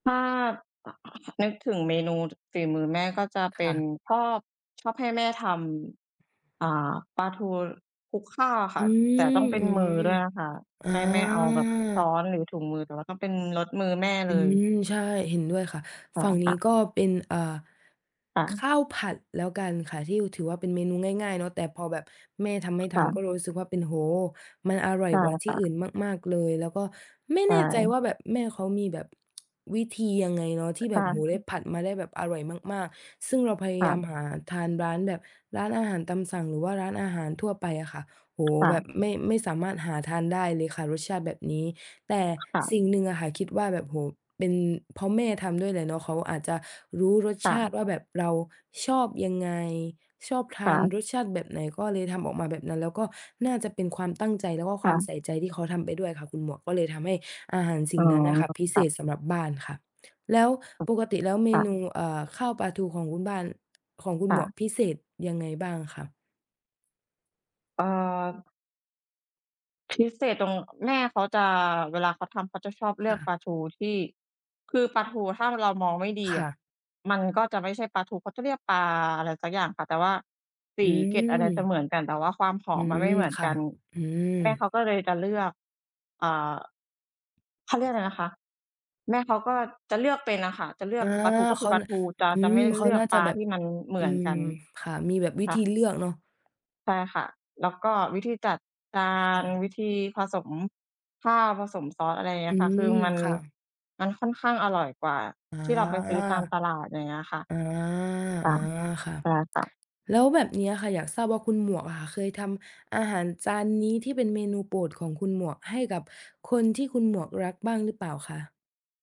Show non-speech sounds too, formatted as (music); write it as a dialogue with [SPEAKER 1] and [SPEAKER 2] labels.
[SPEAKER 1] ถ้า นึกถึงเมนูฝีมือแม่ ก็จะเ
[SPEAKER 2] ค
[SPEAKER 1] ป็
[SPEAKER 2] ่
[SPEAKER 1] น
[SPEAKER 2] ะ
[SPEAKER 1] ชอบ ชอบให้แม่ทำ อ่า ปลาทูคลุกข้าวอะค
[SPEAKER 2] อ
[SPEAKER 1] ่
[SPEAKER 2] ื
[SPEAKER 1] ะ แต่ต้
[SPEAKER 2] ม
[SPEAKER 1] องเป็น
[SPEAKER 2] อือ
[SPEAKER 1] มือด้วยนะคะ
[SPEAKER 2] อา
[SPEAKER 1] ไม่ ไม่เอาแบบช้อนหรือถุงมือ แต่ว่าต้องเป็นรสมือแม่
[SPEAKER 2] อ
[SPEAKER 1] เ
[SPEAKER 2] ื
[SPEAKER 1] ลย
[SPEAKER 2] ม ใช่ เห็นด้วยค่ะ
[SPEAKER 1] อ๋อ
[SPEAKER 2] ฝั่งน
[SPEAKER 1] ค
[SPEAKER 2] ี
[SPEAKER 1] ่
[SPEAKER 2] ้
[SPEAKER 1] ะ
[SPEAKER 2] ก็เป็น อ่า
[SPEAKER 1] ค่ะ
[SPEAKER 2] ข้าวผัดแล้วกันค่ะ ที่ถือว่าเป็นเมนูง่าย ๆ เนาะ แต่พอแบบแม่ทำให
[SPEAKER 1] ค
[SPEAKER 2] ้ทา
[SPEAKER 1] ่
[SPEAKER 2] นก็
[SPEAKER 1] ะ
[SPEAKER 2] เลยรู้สึกว่าเป็น โอ้โฮ! มันอร่อย
[SPEAKER 1] ใช่
[SPEAKER 2] กว่าท
[SPEAKER 1] ค
[SPEAKER 2] ี่
[SPEAKER 1] ่
[SPEAKER 2] อ
[SPEAKER 1] ะ
[SPEAKER 2] ื่นมาก ๆ เลย แล้วก็ไม่
[SPEAKER 1] ใช
[SPEAKER 2] แน่ใจ
[SPEAKER 1] ่
[SPEAKER 2] ว่า แบบ แม่เขามีแบบ (tsk) วิธียังไงเนาะ ที่แบ
[SPEAKER 1] ค่
[SPEAKER 2] บ โอ้โฮ! ได้
[SPEAKER 1] ะ
[SPEAKER 2] ผัดมาได้แบบอร่อยมาก ๆ ซึ่งเราพย
[SPEAKER 1] ค
[SPEAKER 2] า
[SPEAKER 1] ่
[SPEAKER 2] ยาม
[SPEAKER 1] ะ
[SPEAKER 2] หาทานร้าน แบบร้านอาหารตามสั่ง หรือว่าร้านอาหารทั่วไปอะค่ะ โอ้โฮ
[SPEAKER 1] ค่
[SPEAKER 2] แบ
[SPEAKER 1] ะ
[SPEAKER 2] บไม่ ไม่สามารถหาทานได้เลยค่ะ รสชาติแบบนี้ แต่
[SPEAKER 1] ค่ะ
[SPEAKER 2] สิ่งหนึ่งอะค่ะ คิดว่าแบบ โอ้โฮ เป็นเพราะแม่ทำด้วยแหละเนาะ เขาอาจจะรู้รส
[SPEAKER 1] ค่
[SPEAKER 2] ชาติ
[SPEAKER 1] ะ
[SPEAKER 2] ว่า แบบเราชอบยังไง ชอบท
[SPEAKER 1] ค
[SPEAKER 2] า
[SPEAKER 1] ่
[SPEAKER 2] น
[SPEAKER 1] ะ
[SPEAKER 2] รสชาติแบบไหน ก็เลยทำออกมาแบบนั้น แล้วก็น่าจะเป็นความตั้งใจ แล้วก็
[SPEAKER 1] ค
[SPEAKER 2] คว
[SPEAKER 1] ่
[SPEAKER 2] าม
[SPEAKER 1] ะ
[SPEAKER 2] ใส่ใจที่เขาทำไปด้วยค่ะคุณหมวก ก็เลยทำให้อาหารส
[SPEAKER 1] อ
[SPEAKER 2] ิ่
[SPEAKER 1] ๋อ
[SPEAKER 2] งนั้นน่ะค่ะ พิ
[SPEAKER 1] ค
[SPEAKER 2] เศ
[SPEAKER 1] ่ะ
[SPEAKER 2] ษสำหรับบ้านค่ะ แล้วปกติแล้ว เม
[SPEAKER 1] ค่
[SPEAKER 2] น
[SPEAKER 1] ะ
[SPEAKER 2] ู อ่า ข้าวปลาทูของคุณบ้าน ของคุ
[SPEAKER 1] ค
[SPEAKER 2] ณห
[SPEAKER 1] ่
[SPEAKER 2] มวก
[SPEAKER 1] ะ
[SPEAKER 2] พิเศษยังไงบ้างอะคะ?
[SPEAKER 1] เอ่อ พิเศษตรง แม่เขาจะ เวลาเขาทำ เขาจะชอบเล
[SPEAKER 2] ค
[SPEAKER 1] ื
[SPEAKER 2] ่
[SPEAKER 1] อกป
[SPEAKER 2] ะ
[SPEAKER 1] ลาทูที่ คือปลาทูถ้าเรามองไม่ดี
[SPEAKER 2] ค
[SPEAKER 1] อ
[SPEAKER 2] ่
[SPEAKER 1] ะ
[SPEAKER 2] ะ
[SPEAKER 1] มันก็จะไม่ใช่ปลาทู เขาจะเรียกปลาอะไรสักอย่าง แต่ว่าส
[SPEAKER 2] อื
[SPEAKER 1] ี เกล็ด อะไรจะเ
[SPEAKER 2] ม
[SPEAKER 1] หมือนกัน แต่ว่าความห
[SPEAKER 2] อ
[SPEAKER 1] อ
[SPEAKER 2] ื
[SPEAKER 1] มมันไม
[SPEAKER 2] ม
[SPEAKER 1] ่เหมือน
[SPEAKER 2] ค่
[SPEAKER 1] ก
[SPEAKER 2] ะ
[SPEAKER 1] ัน
[SPEAKER 2] อืม
[SPEAKER 1] แม่เขาก็เลยจะเลือก อ่า เขาเรียกอะไรนะคะ แม่เขาก็จะเลือกเป็นอะค่ะ จะเลื
[SPEAKER 2] อ
[SPEAKER 1] อ
[SPEAKER 2] า
[SPEAKER 1] กปลาทู ก็ค
[SPEAKER 2] เข
[SPEAKER 1] ือ
[SPEAKER 2] า
[SPEAKER 1] ปลา
[SPEAKER 2] น
[SPEAKER 1] ทู จะ
[SPEAKER 2] อื
[SPEAKER 1] จะไ
[SPEAKER 2] ม
[SPEAKER 1] ม่
[SPEAKER 2] เข
[SPEAKER 1] เ
[SPEAKER 2] า
[SPEAKER 1] ลือ
[SPEAKER 2] น
[SPEAKER 1] ก
[SPEAKER 2] ่าจ
[SPEAKER 1] ป
[SPEAKER 2] ะ
[SPEAKER 1] ลา
[SPEAKER 2] แบ
[SPEAKER 1] ท
[SPEAKER 2] บ
[SPEAKER 1] ี่มันเหม
[SPEAKER 2] อื
[SPEAKER 1] ือน
[SPEAKER 2] ม
[SPEAKER 1] กัน
[SPEAKER 2] ค่ะ มีแบบวิ
[SPEAKER 1] ค่
[SPEAKER 2] ธี
[SPEAKER 1] ะ
[SPEAKER 2] เลือกเนาะ
[SPEAKER 1] ใช่ค่ะ แล้วก็วิธีจัดกา
[SPEAKER 2] อ ค่
[SPEAKER 1] ร
[SPEAKER 2] ะ
[SPEAKER 1] วิธีผสม ข้าว ผสมซอส อะไรอย่างเงี
[SPEAKER 2] อ
[SPEAKER 1] ้
[SPEAKER 2] ื
[SPEAKER 1] ยค่ะ คื
[SPEAKER 2] ม
[SPEAKER 1] อมัน
[SPEAKER 2] ค่ะ
[SPEAKER 1] มันค่อนข้างอร่อยกว่า
[SPEAKER 2] อา
[SPEAKER 1] ที่เราไปซื้อตามตลาด อย่างเงี้ยค่ะ
[SPEAKER 2] อา
[SPEAKER 1] ค่ะ
[SPEAKER 2] ๆ ค่ะ
[SPEAKER 1] ใช่ค่ะ
[SPEAKER 2] แล้วแบบนี้อะค่ะ อยากทราบว่าคุณหมวกอะค่ะ เคยทำอาหารจานนี้ที่เป็นเมนูโปรดของคุณหมวก ให้กับคนที่คุณหมวกรักบ้างหรือเปล่าคะ?